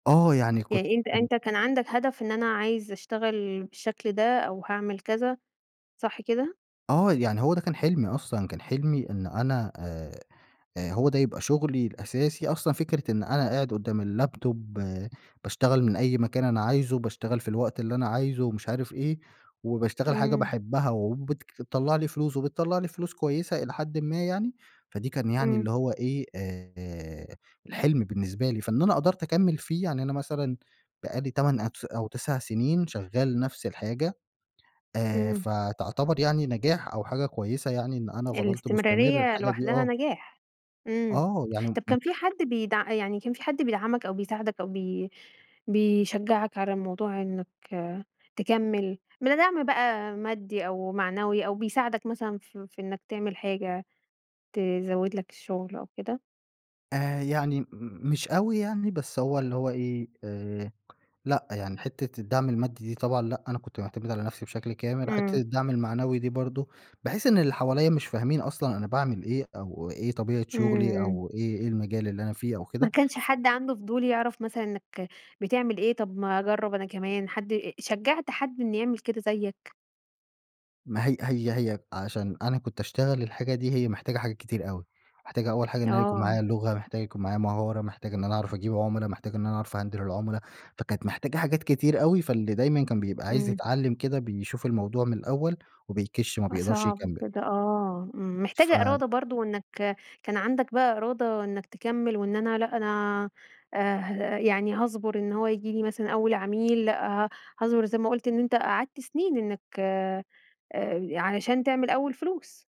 آه. يعني كنت يعني أنت حلو. أنت كان عندك هدف إن أنا عايز أشتغل بالشكل ده أو هاعمل كذا صح كده؟ آه. يعني هو ده كان حلمي أصلًا. كان حلمي إن أنا آآ آآ هو ده يبقى شغلي الأساسي. أصلًا فكرة إن أنا قاعد قدّام اللاب توب باشتغل من أي مكان أنا عايزه وباشتغل في الوقت اللي أنا عايزه ومش عارف إيه، وباشتغل حاجة إمم. باحبها وبتك تطلّع لي فلوس وبتطلّع لي فلوس كويسة إلى حدً ما يعني، فدي كان يعني إمم. اللي هو إيه، آآ الحلم بالنسبه لي. فإن أنا قدرت أكمّل فيه، يعني أنا مثلًا بقي لي 8 أتس أو 9 سنين شغّال نفس الحاجة، آآ إمم. فتعتبر يعني نجاح أو حاجة كويسة يعني إن أنا فضلت مستمر الاستمرارية الحاجة دي لوحدها آه. نجاح. إمم. آه. يعني طب م كان في حد بيدع يعني كان في حد بيدعمك أو بيساعدك أو بي بيشجّعك على الموضوع إنّك تكمّل من دعم بقى مادي أو معنوي أو بيساعدك مثلًا في في إنّك تعمل حاجة، تزوّد لك الشغل أو كده؟ آآ يعني م مش أوي يعني بس هو اللي هو إيه، آآ لأ. يعني حتّة الدعم المادي دي طبعًا لأ، أنا كنت مُعتَمِد على نفسي بشكل كامل. وحتة إمم. الدعم المعنوي دي برضه، باحس إن اللي حواليّا مش فاهمين أصلًا أنا باعمل إيه أو إيه طبيعة إمم، شغلي إمم. أو إيه إيه المجال اللي أنا فيه أو ما كده؟ كانش حد عنده فضول يعرف مثلًا إنّك بتعمل إيه؟ طب ما أجرّب أنا كمان. حد شجّعت حد إن يعمل كده زيّك؟ ما هي هي هي عشان أنا كنت أشتغل الحاجة دي، هي محتاجة حاجات كتير أوي. محتاجة أول حاجة إن أنا يكون معايا آه. لغة، محتاج يكون معايا مهارة، محتاج إن أنا أعرف أجيب عُمَلا، محتاج إن أنا أعرف أهندِل العُمَلا. فكانت محتاجة حاجات كتير أوي، فاللي دايمًا كان بيبقى عايز إمم. يتعلّم كده، بيشوف الموضوع من الأول وبيكِش ما آه بيقدرش صعب يكمّل. بجد آه. إمم، محتاجة ف إرادة برضه إنّك كان عندك بقى إرادة إنّك تكمّل وإن أنا لأ أنا آآ، يعني هاصبر إن هو ييجي لي مثلًا أول عميل، لأ هاصبر زي ما قُلت إن أنت قعدت سنين إنّك آآ علشان تعمل أول فلوس.